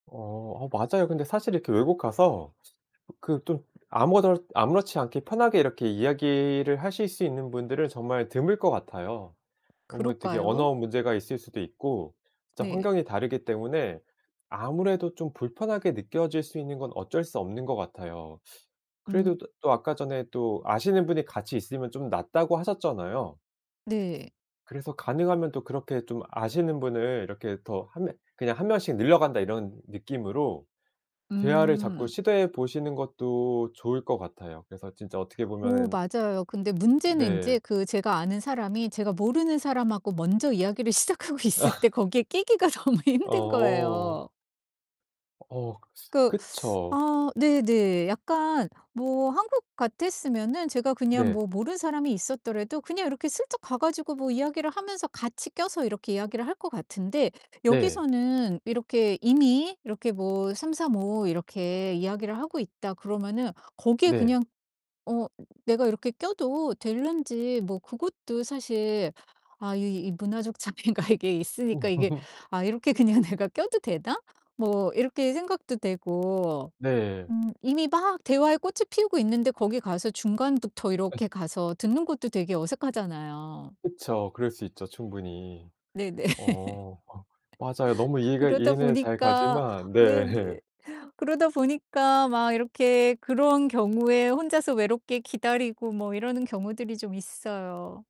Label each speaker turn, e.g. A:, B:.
A: 어 아 맞아요. 근데 사실 이렇게 외국 가서 그 좀 아무렇 아무렇지 않게 편하게 이렇게 이야기를 하실 수 있는 분들은 정말 드물 것 같아요. 어 뭐 대개
B: 그럴까요?
A: 언어 문제가 있을 수도 있고 진짜
B: 네.
A: 환경이 다르기 때문에 아무래도 좀 불편하게 느껴질 수 있는 건 어쩔 수 없는 것 같아요. 그래도
B: 음.
A: 또 또 아까 전에 또 아시는 분이 같이 있으면 좀 낫다고 하셨잖아요.
B: 네.
A: 그래서 가능하면 또 그렇게 좀 아시는 분을 이렇게 더 1 명 그냥 '1 명씩 늘려 간다.' 이런 느낌으로 대화를 자꾸
B: 음.
A: 시도해 보시는 것도 좋을 것 같아요. 그래서 진짜 어떻게
B: 오
A: 보면은
B: 맞아요. 근데 문제는
A: 네.
B: 인제 그 제가 아는 사람이 제가 모르는 사람하고 먼저 이야기를 시작하고 있을 때 거기에 끼기가 너무 힘든
A: 어.
B: 거예요.
A: 어
B: 그
A: 그쵸.
B: 아 네네. 약간 뭐 한국 같았으면은 제가 그냥
A: 네.
B: 뭐 모르는 사람이 있었더래도 그냥 이렇게 슬쩍 가 가지고 뭐 이야기를 하면서 같이 껴서 이렇게 이야기를 할 것 같은데
A: 네.
B: 여기서는 이렇게 이미 이렇게 뭐 '삼삼오오 이렇게 이야기를 하고 있다.' 그러면은 거기에
A: 네.
B: 그냥 어 내가 이렇게 껴도 될런지 뭐 그것도 사실 아 이 이 문화적 차이가 이게 있으니까 이게 '아 이렇게 그냥 내가 껴도 되나?' 뭐 이렇게 생각도 되고
A: 네.
B: 음 이미 막 대화에 꽃을 피우고 있는데 거기 가서 중간부터 이렇게 가서 듣는 것도 되게 어색하잖아요.
A: 그쵸. 그럴 수 있죠, 충분히.
B: 네네.
A: 어 어 맞아요. 너무 이해가
B: 그러다
A: 이해는 잘
B: 보니까
A: 가지만 네.
B: 네네. 그러다 보니까 막 이렇게 그런 경우에 혼자서 외롭게 기다리고 뭐 이러는 경우들이 좀 있어요.